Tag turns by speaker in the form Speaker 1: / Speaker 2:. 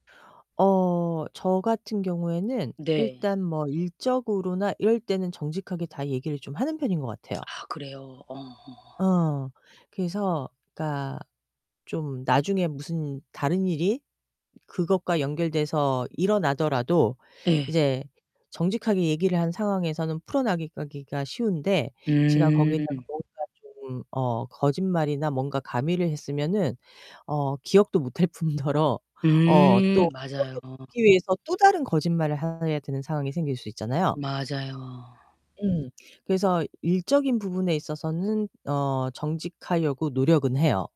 Speaker 1: 어, 저 같은 경우에는
Speaker 2: 네.
Speaker 1: 일단 뭐 일적으로나 이럴 때는 정직하게 다 얘기를 좀 하는 편인 것 같아요.
Speaker 2: 아 그래요? 어.
Speaker 1: 어 그래서 그러니까 좀 나중에 무슨 다른 일이 그것과 연결돼서 일어나더라도
Speaker 2: 네.
Speaker 1: 이제 정직하게 얘기를 한 상황에서는 풀어나가기가 쉬운데 제가
Speaker 2: 음.
Speaker 1: 거기에다가 뭔가 좀 어 거짓말이나 뭔가 가미를 했으면은 어 기억도 못할 뿐더러 어
Speaker 2: 음,
Speaker 1: 또
Speaker 2: 맞아요.
Speaker 1: [unintelligible] 듣기 위해서 또 다른 거짓말을 해야 되는 상황이 생길 수 있잖아요.
Speaker 2: 맞아요.
Speaker 1: 음 그래서 일적인 부분에 있어서는 어, 정직하려고 노력은 해요.